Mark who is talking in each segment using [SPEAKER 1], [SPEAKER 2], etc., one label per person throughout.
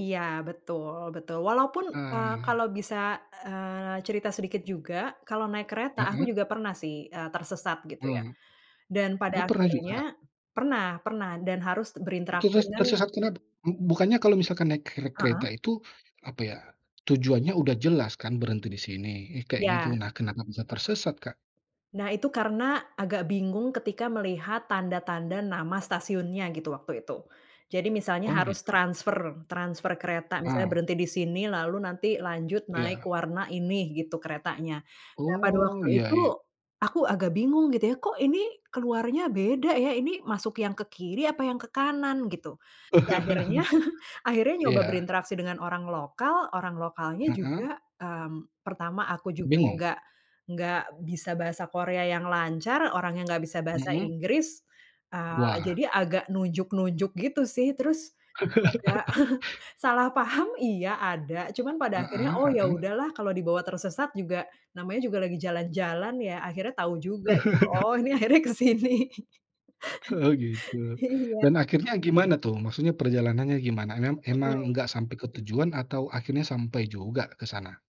[SPEAKER 1] Iya betul betul walaupun, eee, kalau
[SPEAKER 2] Ah.
[SPEAKER 1] bisa, eee, cerita sedikit juga kalau naik kereta aku
[SPEAKER 2] Heeh.
[SPEAKER 1] juga pernah sih, eee, tersesat gitu ya,
[SPEAKER 2] Mmm,
[SPEAKER 1] dan pada
[SPEAKER 2] oh pernah
[SPEAKER 1] akhirnya,
[SPEAKER 2] juga?
[SPEAKER 1] pernah pernah dan harus
[SPEAKER 2] Itu
[SPEAKER 1] berinteraksi
[SPEAKER 2] ters
[SPEAKER 1] dengan
[SPEAKER 2] tersesat kenapa? B-Bukannya kalau misalkan naik ker kereta
[SPEAKER 1] Heeh.
[SPEAKER 2] itu apa ya, tujuannya udah jelas kan berhenti di sini kayak gitu
[SPEAKER 1] Ya.
[SPEAKER 2] nah kenapa bisa tersesat Kak?
[SPEAKER 1] Nah itu karena agak bingung ketika melihat tanda-tanda nama stasiunnya gitu waktu itu, jadi misalnya
[SPEAKER 2] Oh
[SPEAKER 1] harus
[SPEAKER 2] gitu.
[SPEAKER 1] transfer transfer kereta misalnya
[SPEAKER 2] Ah.
[SPEAKER 1] berhenti di sini lalu nanti lanjut naik
[SPEAKER 2] Iya.
[SPEAKER 1] warna ini gitu keretanya, nah pada
[SPEAKER 2] Oh
[SPEAKER 1] waktu
[SPEAKER 2] iya
[SPEAKER 1] itu,
[SPEAKER 2] iya.
[SPEAKER 1] aku agak bingung gitu ya, "Kok ini keluarnya beda ya? Ini masuk yang ke kiri apa yang ke kanan?" Gitu, ya akhirnya akhirnya nyoba
[SPEAKER 2] Iya.
[SPEAKER 1] berinteraksi dengan orang lokal orang lokalnya
[SPEAKER 2] Heeh.
[SPEAKER 1] juga, mmm, pertama aku juga
[SPEAKER 2] Bingung.
[SPEAKER 1] nggak nggak bisa bahasa Korea yang lancar orangnya nggak bisa bahasa
[SPEAKER 2] Mhm.
[SPEAKER 1] Inggris, eee,
[SPEAKER 2] Wah.
[SPEAKER 1] jadi agak nunjuk-nunjuk gitu sih terus, agak salah paham iya ada cuman pada akhirnya,
[SPEAKER 2] Heeh
[SPEAKER 1] "oh ya
[SPEAKER 2] heeh.
[SPEAKER 1] udah lah kalau dibawa tersesat juga namanya juga lagi jalan-jalan ya" akhirnya tahu juga gitu, "oh ini akhirnya kesini"
[SPEAKER 2] Oh gitu,
[SPEAKER 1] iya.
[SPEAKER 2] dan akhirnya gimana tuh maksudnya perjalanannya gimana em
[SPEAKER 1] Mhm.
[SPEAKER 2] emang nggak sampai ke tujuan atau akhirnya sampai juga ke sana?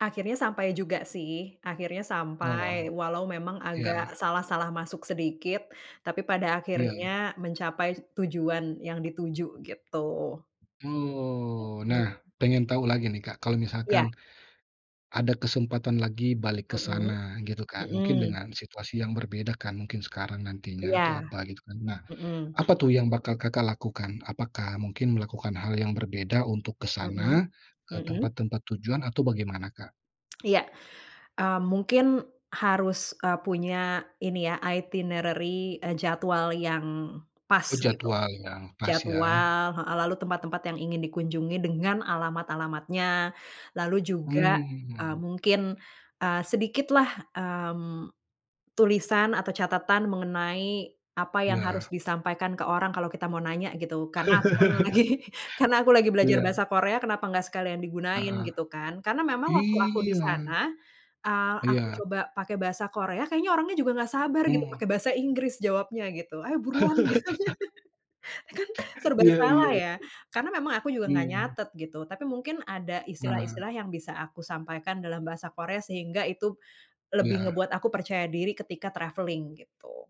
[SPEAKER 1] Akhirnya sampai juga sih akhirnya sampai
[SPEAKER 2] Oh,
[SPEAKER 1] walau memang agak
[SPEAKER 2] iya.
[SPEAKER 1] salah-salah masuk sedikit, tapi pada
[SPEAKER 2] Iya.
[SPEAKER 1] akhirnya mencapai tujuan yang dituju gitu.
[SPEAKER 2] Oh nah
[SPEAKER 1] Mhm.
[SPEAKER 2] pengen tahu lagi nih, Kak, kalau misalkan.
[SPEAKER 1] Ya.
[SPEAKER 2] Ada kesempatan lagi balik ke
[SPEAKER 1] Mhm
[SPEAKER 2] sana gitu kan mungkin
[SPEAKER 1] mhm.
[SPEAKER 2] dengan situasi yang berbeda kan mungkin sekarang nantinya atau
[SPEAKER 1] Iya,
[SPEAKER 2] apa gitu kan nah,
[SPEAKER 1] mhm.
[SPEAKER 2] apa tuh yang bakal Kakak lakukan? Apakah mungkin melakukan hal yang berbeda untuk ke
[SPEAKER 1] Mhm
[SPEAKER 2] sana, ke
[SPEAKER 1] mhm.
[SPEAKER 2] tempat-tempat tujuan atau bagaimana, Kak?
[SPEAKER 1] Iya, mmm mungkin harus, eee, punya ini ya itinerary, eee, jadwal yang pas
[SPEAKER 2] Oh
[SPEAKER 1] gitu,
[SPEAKER 2] jadwal yang pas ya.
[SPEAKER 1] jadwal heeh, lalu tempat-tempat yang ingin dikunjungi dengan alamat-alamatnya, lalu juga, eee,
[SPEAKER 2] Mmm.
[SPEAKER 1] mungkin, eee, sedikitlah, mmm, tulisan atau catatan mengenai apa yang harus
[SPEAKER 2] Iya.
[SPEAKER 1] disampaikan ke orang kalau kita mau nanya gitu karena aku pernah lagi karena aku lagi belajar
[SPEAKER 2] Iya.
[SPEAKER 1] bahasa Korea kenapa nggak sekalian digunain
[SPEAKER 2] Heeh,
[SPEAKER 1] gitu kan karena memang waktu aku di
[SPEAKER 2] iya.
[SPEAKER 1] sana, eee, aku
[SPEAKER 2] Iya.
[SPEAKER 1] coba pakai bahasa Korea kayaknya orangnya juga nggak sabar gitu
[SPEAKER 2] Mmm.
[SPEAKER 1] pakai bahasa Inggris jawabnya gitu, "Ayo buruan" Gitu, kan serba
[SPEAKER 2] Iya
[SPEAKER 1] salah
[SPEAKER 2] iya.
[SPEAKER 1] ya karena memang aku juga nggak
[SPEAKER 2] Mmm.
[SPEAKER 1] nyatet gitu tapi mungkin ada
[SPEAKER 2] Nah.
[SPEAKER 1] istilah-istilah yang bisa aku sampaikan dalam bahasa Korea sehingga itu, lebih
[SPEAKER 2] Iya.
[SPEAKER 1] ngebuat aku percaya diri ketika travelling gitu.